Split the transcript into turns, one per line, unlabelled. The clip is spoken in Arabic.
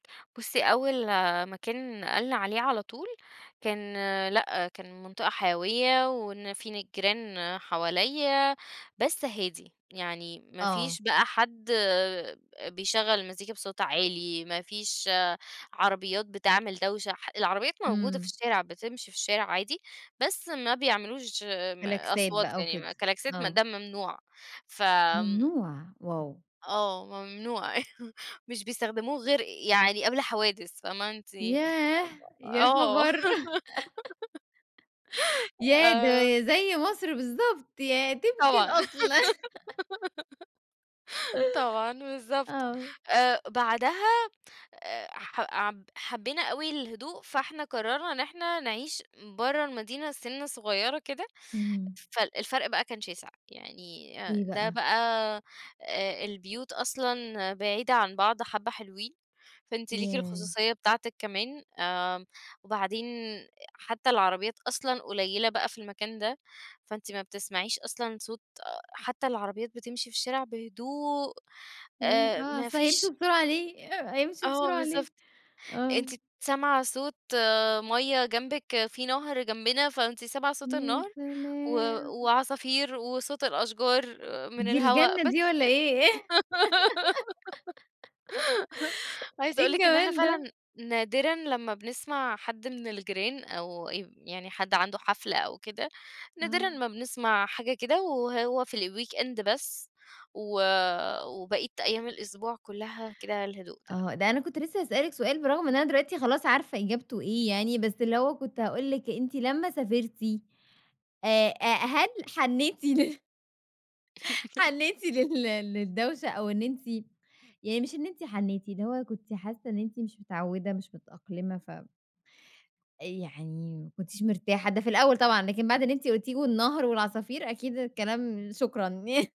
بُصّي، أول مكان نقلنا عليه على طول، كان لأ، كان منطقة حيوية و ن في ن جيران حواليّا بس هادي، يعني ما
آه.
فيش بقى حد بيشغّل المزيكا بصوت عالي، ما فيش عربيات بتعمل دوشة ح العربيات موجودة في
إمم.
الشارع بتمشي في الشارع عادي بس ما بيعملوش م
كلاكسات
أصوات
بقى و
يعني م
كده،
كلاكسات ما
آه.
ده ممنوع ف آمم.
ممنوع! Wow!
آه، ممنوع مش بيستخدموه غير يعني قبل حوادث فاهمة، أنتِ
ياه!
[unintelligible]
يا
آه،
خبر! ياه! ده
آمم
زي مصر بالضبط، ياه! طبق
طبعًا.
الأصل.
طبعًا بالضبط،
آه.
آآ، بعدها آآ، ح عب حبينا أوي الهدوء، فإحنا قرّرنا إن إحنا نعيش برّه المدينة، سِنّة صغيرة كده،
اهم.
فال الفرق بقى كان شاسع، يعني آآ،
إيه
ده
بقى؟
بقى آآ، البيوت أصلًا بعيدة عن بعض حبّة حلوين، فأنتِ ليكِ
ياه.
الخصوصية بتاعتِك كمان آآ، وبعدين حتى العربيات أصلًا قليلة بقى، في المكان ده، فأنتِ ما بتسمعيش أصلًا صوت أ حتى العربيات بتمشي في الشارع بهدوء
ياه!
آآ،
آه،
ما
أصل هيمشوا
فيش
بسرعة ليه آآ، هيمشوا
آه
بسرعة ليه؟
بالضبط،
آه.
أنتِ سامعة صوت ميَّة جنبِك، في نهر جنبنا، فأنتِ سامعة صوت
يا
النهر، و
سلام!
وعصافير وصوت الأشجار من
دي
الهوا،
الجنة دي
بس
والَّا
كده،
إيه؟
عايزة
إيه
أقول لِك إن إحنا
الجمال ده!
فعلًا نادرًا لمّا بنسمع حد من الجيران أو ي يعني حد عنده حفلة أو كده، نادرًا
آه.
ما بنسمع حاجة كده، وهو في الweekend بس، و وبقية أيام الأسبوع كلها كده الهدوء ده.
آه، ده أنا كنت لسه هاسألِك سؤال برغم إن أنا دلوقتي خلاص عارفة إجابته إيه يعني، بس اللي هو كنت هاقول لِك أنتِ لمّا سافرتِ آآ، هل حنيتِ لل حنيتِ لل للدوشة أو إن أنتِ يعني مش إن أنتِ حنيتِ، اللي هو كنتِ حاسة إن أنتِ مش متعودة مش متأقلمة ف يعني ما كنتيش مرتاحة ده في الأول طبعًا، لكن بعد اللي أنتِ قُلتيه والنهر والعصافير أكيد الكلام، شكرًا.